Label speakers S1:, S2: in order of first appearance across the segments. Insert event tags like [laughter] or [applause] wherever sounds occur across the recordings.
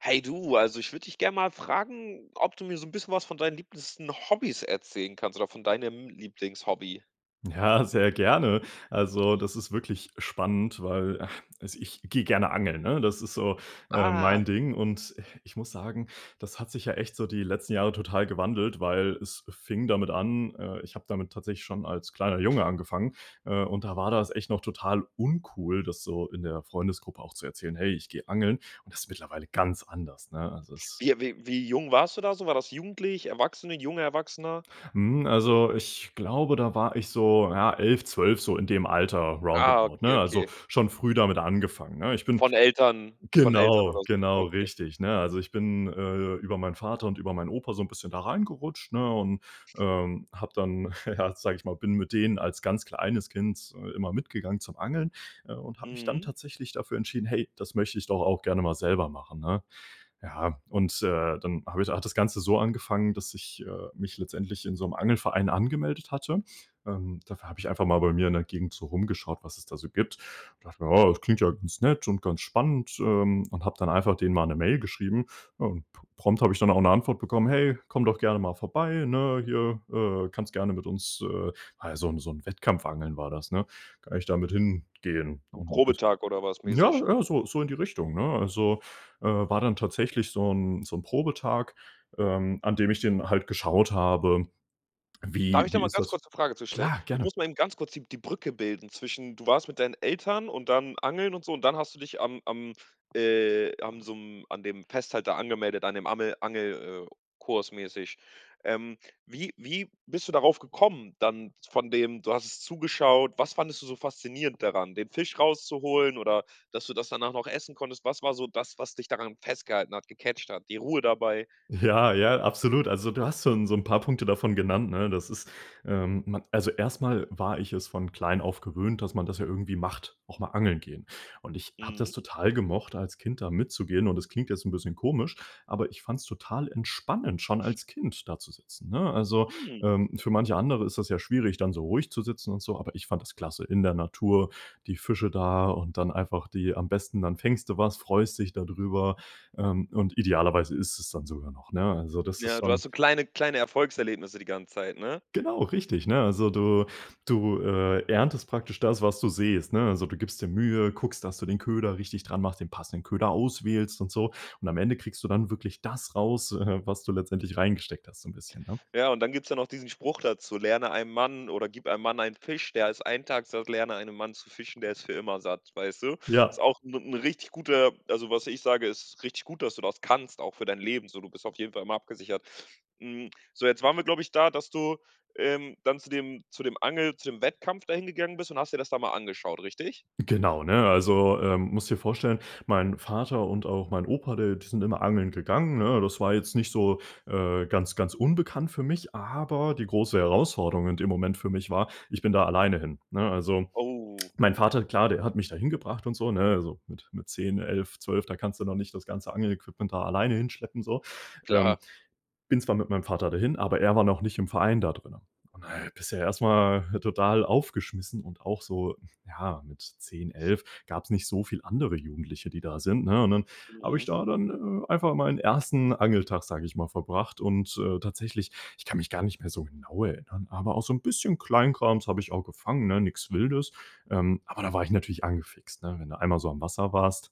S1: Hey du, also ich würde dich gerne mal fragen, ob du mir so 'n bisschen was von deinen liebsten Hobbys erzählen kannst oder von deinem Lieblingshobby?
S2: Ja, sehr gerne. Also, das ist wirklich spannend, weil, [chuckles] also ich gehe gerne angeln, ne, das ist so äh,
S1: Ah.
S2: mein Ding und ich muss sagen, das hat sich ja echt so die letzten Jahre total gewandelt, weil es fing damit an, äh, ich habe damit tatsächlich schon als kleiner Junge angefangen, äh, und da war das echt noch total uncool, das so in der Freundesgruppe auch zu erzählen: „Hey, ich gehe angeln.“ Und das ist mittlerweile ganz anders, ne? Also, es
S1: Wie wie wie jung warst du da so? War das jugendlich, Erwachsene, junger Erwachsener?
S2: Mhm. Also, ich glaube, da war ich so ja, 11, 12, so in dem Alter.
S1: Ah,
S2: Roundabout,
S1: okay,
S2: ne? Also,
S1: okay.
S2: schon früh damit angefangen, ne, ich bin
S1: Von Eltern von Eltern
S2: genau,
S1: oder so?
S2: genau
S1: Okay.
S2: richtig. Ne, also, ich bin, äh, über meinen Vater und über meinen Opa so 'n bisschen da reingerutscht, ne und, ähm, habe dann, ja, sage ich mal, bin mit denen als ganz kleines Kind, äh, immer mitgegangen zum Angeln, äh, und habe mich dann
S1: Mhm.
S2: tatsächlich dafür entschieden: „Hey, das möchte ich doch auch gerne mal selber machen“, ne? Ja, und, äh, dann habe ich hat das Ganze so angefangen, dass ich, äh, mich letztendlich in so 'nem Angelverein angemeldet hatte. Ähm, dafür habe ich einfach mal bei mir in der Gegend so rumgeschaut, was es da so gibt. Dachte mir: „Oh, das klingt ja ganz nett und ganz spannend.“ Ähm, und habe dann einfach denen mal 'ne Mail geschrieben. Ja und p prompt habe ich dann auch 'ne Antwort bekommen: „Hey, komm doch gerne mal vorbei, ne? Hier, äh, kannst du gerne mit uns“ äh, ja, so 'n so 'n Wettkampfangeln war das, ne? Kann ich da mit hingehen
S1: So 'n
S2: und das
S1: Probetag oder was
S2: Ja,
S1: mäßig?
S2: ja, so so in die Richtung, ne? Also, äh, war dann tatsächlich so 'n so 'n Probetag, ähm, an dem ich dann halt geschaut habe,
S1: Darf
S2: wie
S1: ich da
S2: wie
S1: mal
S2: ist
S1: ganz
S2: das
S1: kurz 'ne Frage zu stellen?
S2: Klar,
S1: Ich
S2: gerne.
S1: muss mal eben ganz kurz die die Brücke bilden zwischen, du warst mit deinen Eltern und dann angeln und so und dann hast du dich am am, äh, am so 'm an dem Fest da halt angemeldet, an dem Amel Angel äh, Kurs mäßig? Ähm, wie wie bist du darauf gekommen, dann von dem, du hast es zugeschaut. Was fandest du so faszinierend daran, den Fisch raus zu holen, oder, dass du das danach noch essen konntest? Was war so das, was dich daran festgehalten hat, gecatcht hat, die Ruhe dabei?
S2: Ja, ja, absolut. Also, du hast schon so 'n paar Punkte davon genannt, ne? Das ist. Ähm, man also erstmal war ich es von klein auf gewöhnt, dass man das ja irgendwie macht, auch mal angeln gehen. Und ich habe das
S1: Mhm.
S2: total gemocht, als Kind da mitzugehen. Und das klingt jetzt 'n bisschen komisch, aber ich fand es total entspannend, schon als Kind da zu sitzen, ne? Also,
S1: Mhm.
S2: ähm, für manche andere ist es ja schwierig dann so ruhig zu sitzen und so, aber ich fand das klasse in der Natur, die Fische da und dann einfach die am besten, dann fängst du was freust dich da drüber. Ähm und idealerweise isst du es dann sogar noch, ne? Also, das ist
S1: Ja, du hast
S2: schon
S1: so kleine kleine Erfolgserlebnisse die ganze Zeit, ne?
S2: Genau richtig. Ne, also, du du, äh, erntest praktisch das, was du sähst, ne? Also, du gibst dir Mühe, guckst, dass du den Köder richtig dran machst, den passenden Köder auswählst und so. Und am Ende kriegst du dann wirklich das raus, äh, was du letztendlich reingesteckt hast, so 'n bisschen, ne?
S1: Ja, und dann gibt's ja noch diesen Spruch dazu: „Lerne einem Mann oder gib einem Mann einen Fisch, der ist 1 Tag satt, lerne einem Mann zu fischen, der ist für immer satt,“ weißt du? Ist
S2: Ja.
S1: auch 'n 'n richtig guter also was ich sage, ist richtig gut, dass du das kannst, auch für dein Leben so, du bist auf jeden Fall immer abgesichert. Hm, so jetzt waren wir glaube ich da, dass du, ähm, dann zu dem zu dem Angel zu dem Wettkampf dahin gegangen bist und hast dir das da mal angeschaut, richtig?
S2: Genau, ne? Also, ähm, musst dir vorstellen, mein Vater und auch mein Opa, äh, die sind immer angeln gegangen, ne? Das war jetzt nicht so, äh, ganz ganz unbekannt für mich. Aber die große Herausforderung in dem Moment für mich war, ich bin da alleine hin, ne? Also,
S1: Oh.
S2: mein Vater klar, der hat mich da hingebracht und so, ne? Also mit mit 10, 11, 12, da kannst du noch nicht das ganze Angel-Equipment da alleine hinschleppen, so,
S1: Klar.
S2: ähm. Bin zwar mit meinem Vater dahin, aber er war noch nicht im Verein da drinnen. Und da bist du erstmal total aufgeschmissen und auch so ja, mit 10, 11, gab's nicht so viele andere Jugendliche, die da sind, ne? Und dann habe ich
S1: Mhm.
S2: da dann, äh, einfach meinen 1. Angel-Tag, sage ich mal, verbracht und, äh, tatsächlich, ich kann mich gar nicht mehr so genau erinnern, aber auch so 'n bisschen Kleinkrams habe ich auch gefangen, ne? Nichts Wildes. Ähm, aber da war ich natürlich angefixt, ne, wenn du einmal so am Wasser warst.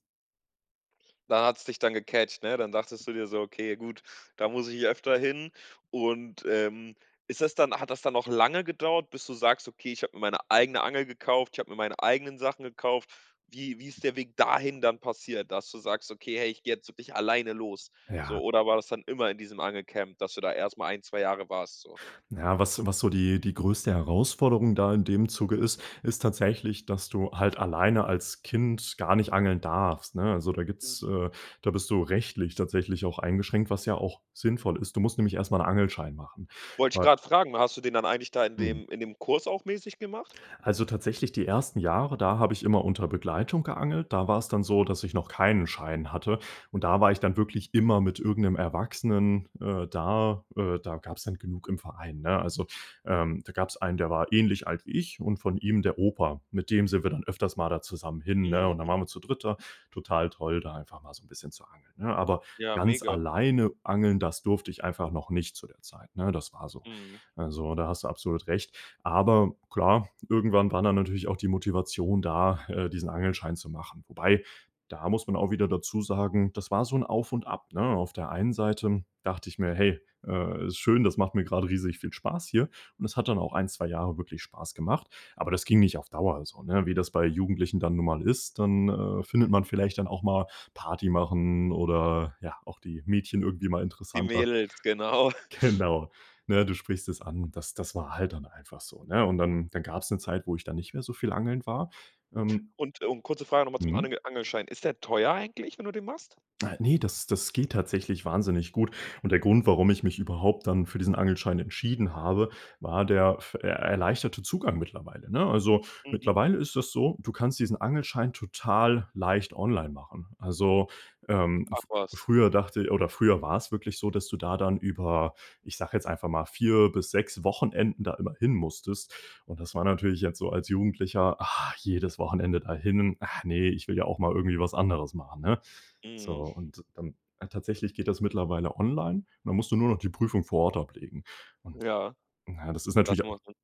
S1: Da hat's dich dann gecatcht, ne? Dann dachtest du dir so: „Okay, gut, da muss ich öfter hin“ und, ähm, ist das dann hat das dann noch lange gedauert, bis du sagst: „Okay, ich habe mir meine eigene Angel gekauft, ich habe mir meine eigenen Sachen gekauft.“ Wie wie ist der Weg dahin dann passiert, dass du sagst: „Okay, hey, ich gehe jetzt wirklich alleine los“, so?
S2: Ja.
S1: Oder war das dann immer in diesem Angelcamp, dass du da erstmal ein, 2 Jahre warst, so?
S2: Na, was, was so die die größte Herausforderung da in dem Zuge ist, ist tatsächlich, dass du halt alleine als Kind gar nicht angeln darfst, ne? Also, da gibt es
S1: Mhm.
S2: äh, da bist du rechtlich tatsächlich auch eingeschränkt, was ja auch sinnvoll ist. Du musst nämlich erst mal 'n Angelschein machen,
S1: Wollte ich
S2: wei
S1: gerade fragen, hast du den dann eigentlich da in
S2: Mhm.
S1: dem in dem Kurs auch mäßig gemacht?
S2: Also, tatsächlich, die ersten Jahre, da habe ich immer unter Begleitung geangelt. Da war's dann so, dass ich noch keinen Schein hatte. Und da war ich dann wirklich immer mit irgend 'nem Erwachsenen, äh, da. Äh, da gab's dann genug im Verein, ne? Also, ähm, da gab's einen, der war ähnlich alt wie ich und von ihm der Opa- mit dem sind wir dann öfters mal da zusammen hin, ne? Und dann
S1: Mhm.
S2: waren wir zu dritt da. Total toll, da einfach mal so 'n bisschen zu angeln, ne? Aber
S1: Ja,
S2: ganz
S1: mega.
S2: alleine angeln, das durfte ich einfach noch nicht zu der Zeit, ne? Das war so.
S1: Mhm.
S2: Also, da hast du absolut recht. Aber klar, irgendwann war dann natürlich auch die Motivation da, äh, diesen Angelschein zu machen. Wobei da muss man auch wieder dazu sagen. Das war so 'n Auf und Ab, ne? Auf der einen Seite dachte ich mir: „Hey, äh, ist schön, das macht mir gerade riesig viel Spaß hier.“ Und das hat dann auch ein, 2 Jahre wirklich Spaß gemacht. Aber das ging nicht auf Dauer so, ne, wie das bei Jugendlichen dann nun mal ist dann, äh, findet man vielleicht dann auch mal Party machen, oder ja, auch die Mädchen irgendwie mal
S1: Die
S2: interessanter.
S1: Mädels, genau. [chuckles]
S2: Genau, ne? Du sprichst es an. Das das war halt dann einfach so, ne? Und dann dann gab's 'ne Zeit, wo ich dann nicht mehr so viel angeln war, ähm
S1: Und und kurze Frage nochmal zum
S2: Mhm.
S1: Anege Angelschein. Ist der teuer eigentlich, wenn du den machst?
S2: Äh, ne, das das geht tatsächlich wahnsinnig gut. Und der Grund, warum ich mich überhaupt dann für diesen Angelschein entschieden habe, war der f er erleichterte Zugang mittlerweile, ne? Also
S1: Mhm.
S2: mittlerweile ist das so, du kannst diesen Angelschein total leicht online machen. Also, ähm,
S1: Ach
S2: f
S1: was?
S2: früher dachte ich oder früher war es wirklich so, dass du da dann über, ich sage jetzt einfach mal 4 bis Wochenenden da immer hin musstest. Und das war natürlich jetzt so als Jugendlicher, ah, jedes Wochenende dahin. Ach ne, ich will ja auch mal irgendwie was anderes machen, ne? So,
S1: Mhm.
S2: und dann tatsächlich geht das mittlerweile online. Und dann musst du nur noch die Prüfung vor Ort ablegen. Und,
S1: Ja.
S2: na, das ist natürlich
S1: Das
S2: auch
S1: macht. [unintelligible]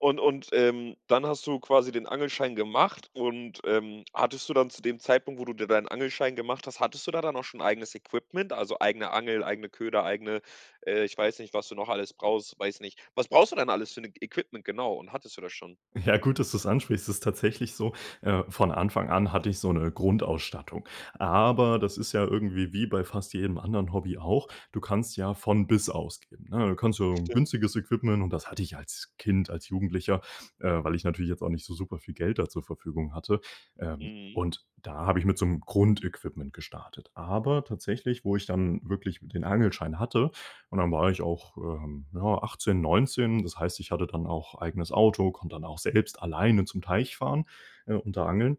S1: Und und, ähm, dann hast du quasi den Angelschein gemacht ,und, ähm, hattest du dann zu dem Zeitpunkt, wo du dir deinen Angelschein gemacht hast hattest du da dann auch schon ein eigenes Equipment, also eigene Angel, eigene Köder, eigene äh, ich weiß nicht, was du noch alles brauchst weiß nicht. Was brauchst du denn alles für 'ne Equipment genau und hattest du das schon?
S2: Ja, gut, dass du das ansprichst. Es ist tatsächlich so, äh, von Anfang an hatte ich so 'ne Grundausstattung. Aber das ist ja irgendwie wie bei fast jedem anderen Hobby auch. Du kannst ja von bis ausgeben, ne? Du kannst so 'n
S1: Stimmt.
S2: günstiges Equipment Und das hatte ich als Kind, als Jugendlicher, äh, weil ich natürlich jetzt auch nicht so super viel Geld da zur Verfügung hatte. Ähm,
S1: Mhm.
S2: und da habe ich mit so 'm Grundequipment gestartet. Aber tatsächlich, wo ich dann wirklich den Angelschein hatte und dann war ich auch, ähm, ja, 18, 19. Das heißt, ich hatte dann auch eigenes Auto, konnte dann auch selbst alleine zum Teich fahren, äh, und da angeln.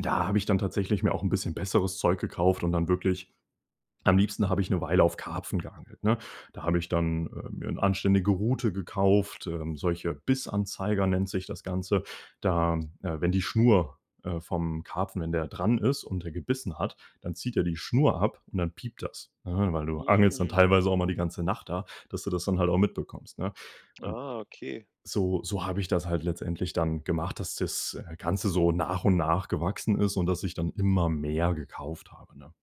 S2: Da habe ich dann tatsächlich mir auch 'n bisschen besseres Zeug gekauft und dann wirklich am liebsten habe ich 'ne Weile auf Karpfen geangelt, ne? Da habe ich dann, äh, mir 'n anständige Rute gekauft ähm, solche Bissanzeiger nennt sich das Ganze da äh, wenn die Schnur, äh, vom Karpfen wenn der dran ist und der gebissen hat, dann zieht er die Schnur ab. Und dann piept das, ne, weil du angelst dann
S1: Hm.
S2: teilweise auch mal die ganze Nacht da, dass du das dann halt auch mitbekommst, ne? Un
S1: Ah, okay.
S2: so so habe ich das halt letztendlich dann gemacht, dass das Ganze so nach und nach gewachsen ist und dass ich dann immer mehr gekauft habe, ne?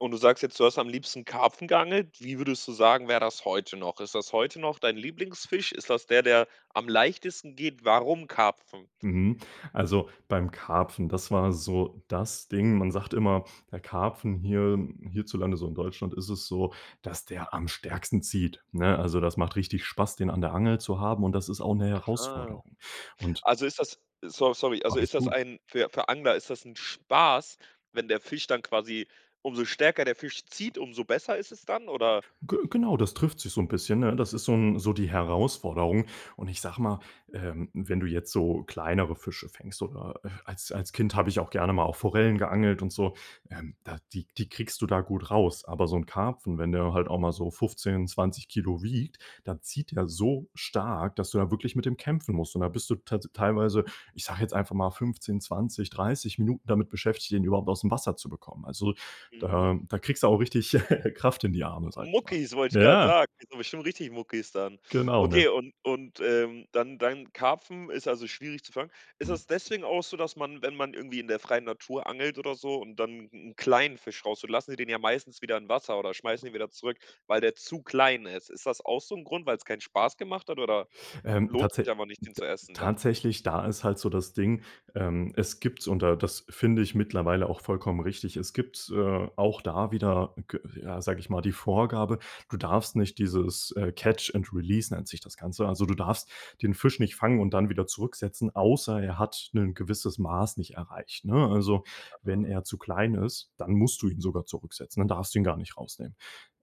S1: Und du sagst jetzt, du hast am liebsten Karpfen geangelt? Wie würdest du sagen, wäre das heute noch? Ist das heute noch dein Lieblingsfisch? Ist das der, der am leichtesten geht? Warum Karpfen?
S2: Mhm. Also beim Karpfen, das war so das Ding. Man sagt immer der Karpfen hier hierzulande, so in Deutschland ist es so, dass der am stärksten zieht, ne? Also, das macht richtig Spaß, den an der Angel zu haben. Und das ist auch 'ne
S1: Aha.
S2: Herausforderung und
S1: Also ist das so sorry, also
S2: Alles
S1: ist das
S2: gut.
S1: ein für für Angler ist das 'n Spaß, wenn der Fisch dann quasi umso stärker der Fisch zieht, umso besser ist es dann, oder?
S2: Ge genau das trifft sich so 'n bisschen, ne? Das ist so 'n so die Herausforderung. Und ich sage mal, ähm, wenn du jetzt so kleinere Fische fängst oder, äh, als als Kind habe ich auch gerne mal auf Forellen geangelt und so, ähm, da die die kriegst du da gut raus. Aber so 'n Karpfen, wenn der halt auch mal so 15, 20 Kilo wiegt, dann zieht der so stark, dass du da wirklich mit dem kämpfen musst. Und da bist du tats teilweise, ich sage jetzt einfach mal 15, 20, 30 Minuten damit beschäftigt, den überhaupt aus dem Wasser zu bekommen. Also,
S1: Mhm.
S2: da da kriegst du auch richtig [laughs] Kraft in die
S1: M Mu
S2: Arme, sage ich mal.
S1: Muckis, wollte ich gerade
S2: Ja.
S1: sagen. Kriegst du bestimmt richtig Muckis dann.
S2: Genau, ne?
S1: Okay, und und, ähm, dann dann Karpfen ist also schwierig zu fangen. Ist
S2: Mhm.
S1: es deswegen auch so, dass man, wenn man irgendwie in der freien Natur angelt oder so und dann 'n 'n kleinen Fisch rausholt, lassen die den ja meistens wieder in Wasser oder schmeißen den wieder zurück, weil der zu klein ist. Ist das auch so 'n Grund, weil's keinen Spaß gemacht hat oder
S2: Ähm,
S1: lohnt
S2: tatsä
S1: sich einfach nicht, den
S2: d
S1: zu essen dann?
S2: tatsächlich, da ist halt so das Ding, ähm, es gibt und da das finde ich mittlerweile auch vollkommen richtig Es gibt, äh, auch da wieder g ja, sage ich mal die Vorgabe, du darfst nicht dieses äh, catch and release nennt sich das Ganze Also, du darfst den Fisch nicht fangen und dann wieder zurücksetzen, außer er hat 'nen gewisses Maß nicht erreicht, ne? Also, wenn
S1: Ah.
S2: er zu klein ist, dann musst du ihn sogar zurücksetzen. Dann darfst du ihn gar nicht rausnehmen.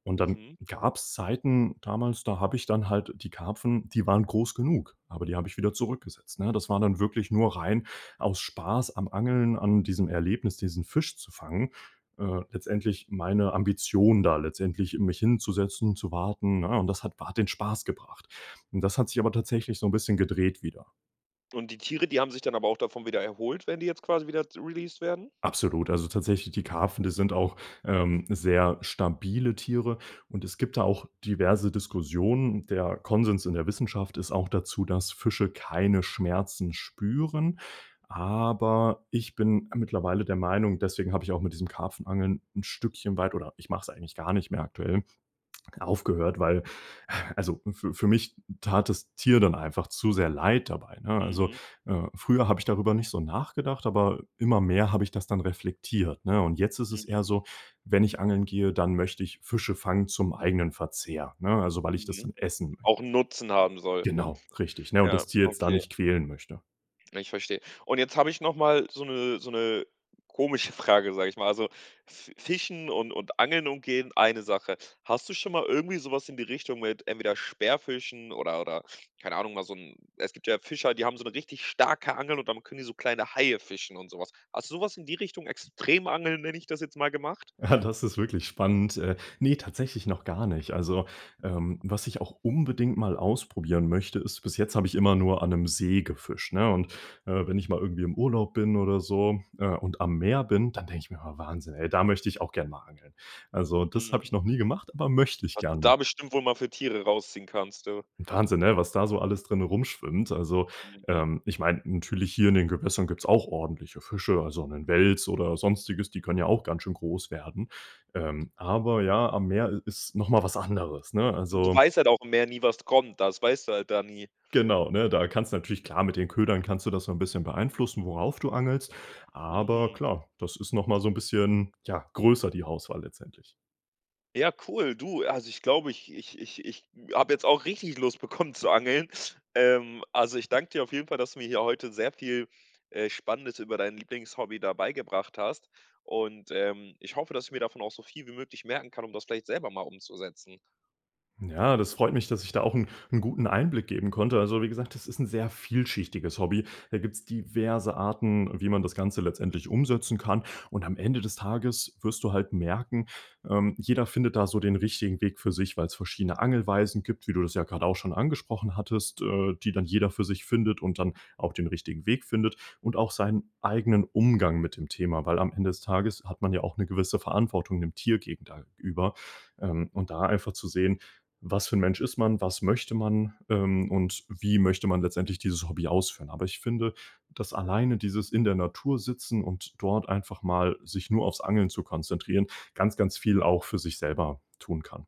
S2: Und dann
S1: Mhm.
S2: gab's Zeiten damals, da habe ich dann halt die Karpfen, die waren groß genug. Aber die habe ich wieder zurückgesetzt, ne? Das war dann wirklich nur rein aus Spaß am Angeln, an diesem Erlebnis, diesen Fisch zu fangen. Äh, letztendlich meine Ambition da letztendlich mich hinzusetzen und zu warten, ne? Und das hat wa den Spaß gebracht. Und das hat sich aber tatsächlich so 'n bisschen gedreht wieder.
S1: Und, die Tiere, die haben sich dann aber auch davon wieder erholt, wenn die jetzt quasi wieder released werden?
S2: Absolut. Also tatsächlich die Karpfen, die sind auch, ähm, sehr stabile Tiere und es gibt da auch diverse Diskussionen. Der Konsens in der Wissenschaft ist auch dazu, dass Fische keine Schmerzen spüren, aber ich bin mittlerweile der Meinung deswegen habe ich auch mit diesem Karpfen-Angeln ‘n Stückchen weit, oder ich mach's eigentlich gar nicht mehr aktuell, aufgehört, weil, [exhales] also für für mich tat das Tier dann einfach zu sehr leid dabei, ne? Also,
S1: Mhm.
S2: äh, früher habe ich darüber nicht so nachgedacht, aber immer mehr habe ich das dann reflektiert, ne, und jetzt ist es
S1: Mhm.
S2: eher so, wenn ich angeln gehe, dann möchte ich Fische fangen zum eigenen Verzehr, ne? Also, weil ich das
S1: Mhm.
S2: dann essen möchte.
S1: Auch ‘n Nutzen haben soll.
S2: Genau, richtig, ne, und
S1: Ja,
S2: das Tier jetzt da
S1: okay.
S2: nicht quälen möchte.
S1: Ja, ich verstehe. Und, jetzt habe ich nochmal so ‘ne so ‘ne komische Frage, sage ich mal, also Fi Fischen und und Angeln umgehen, eine Sache. Hast du schon mal irgendwie sowas in die Richtung mit entweder Speerfischen oder oder keine Ahnung, mal so ‘n es gibt ja Fischer, die haben so ‘ne richtig starke Angel und dann können die so kleine Haie fischen und sowas, hast du sowas in die Richtung, Extrem-Angeln, nenne ich das jetzt mal, gemacht?
S2: [chuckles] Das ist wirklich spannend. Äh, ne, tatsächlich noch gar nicht. Also, ähm, was ich auch unbedingt mal ausprobieren möchte, ist bis jetzt habe ich immer nur an ‘nem See gefischt, ne, und, äh, wenn ich mal irgendwie im Urlaub bin oder so, äh, und am Meer bin, dann denke ich mir: „Ah, Wahnsinn, ey, da möchte ich auch gern mal angeln.“ Also, das habe ich
S1: Mhm.
S2: noch nie gemacht, aber möchte ich
S1: Was du da
S2: gerne.
S1: bestimmt, wohl mal für Tiere rausziehen kannst, du.
S2: Wahnsinn, ne? Was da so alles drinnen rum schwimmt, also,
S1: Mhm.
S2: ähm, ich meine natürlich hier in den Gewässern gibt's auch ordentliche Fische. Also ‘nen Wels oder sonstiges, die können ja auch ganz schön groß werden. Ähm, aber ja, am Meer i ist noch mal was anderes, ne?
S1: Und du
S2: Also.
S1: weißt halt auch im Meer nie, was kommt, das weißt du halt da nie.
S2: Genau, ne? Da kannst du natürlich klar, mit den Ködern kannst du das so ‘n bisschen beeinflussen, worauf du angelst, aber
S1: Hm.
S2: klar, das ist noch mal so ‘n bisschen, ja, größer die Auswahl letztendlich.
S1: Ja, cool, du, also ich glaube, ich ich ich ich habe jetzt auch richtig Lust bekommen zu angeln. Ähm, also ich danke dir auf jeden Fall, dass du mir hier heute sehr viel, äh, Spannendes über dein Lieblingshobby da beigebracht hast. Und, ähm, ich hoffe, dass ich mir davon auch so viel wie möglich merken kann, um das vielleicht selber mal umzusetzen.
S2: Ja, das freut mich, dass ich da auch 'n 'n guten Einblick geben konnte. Also, wie gesagt, das ist 'n sehr vielschichtiges Hobby. Da gibt’s diverse Arten, wie man das Ganze letztendlich umsetzen kann. Und am Ende des Tages wirst du halt merken, ähm, jeder findet da so den richtigen Weg für sich, weil's verschiedene Angelweisen gibt, wie du das ja gerade auch schon angesprochen hattest, äh, die dann jeder für sich findet, und dann auch den richtigen Weg findet, und auch seinen eigenen Umgang mit dem Thema, weil am Ende des Tages hat man ja auch 'ne gewisse Verantwortung dem Tier gegen da über, ähm, und da einfach zu sehen: „Was für 'n Mensch ist man? Was möchte man, ähm, und wie möchte man letztendlich dieses Hobby ausführen?“ Aber ich finde, dass alleine dieses In-der-Natur-Sitzen und dort einfach mal sich nur aufs Angeln zu konzentrieren, ganz, ganz viel auch für sich selber tun kann.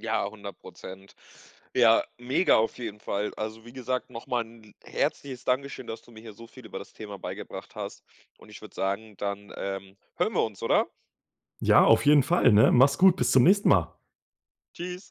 S1: Ja, 100 %. Ja, mega auf jeden Fall. Also wie gesagt, nochmal 'n l herzliches Dankeschön, dass du mir hier so viel über das Thema beigebracht hast. Und ich würde sagen, dann, ähm, hören wir uns, oder?
S2: Ja, auf jeden Fall, ne? Mach's gut. Bis zum nächsten Mal.
S1: Tschüss.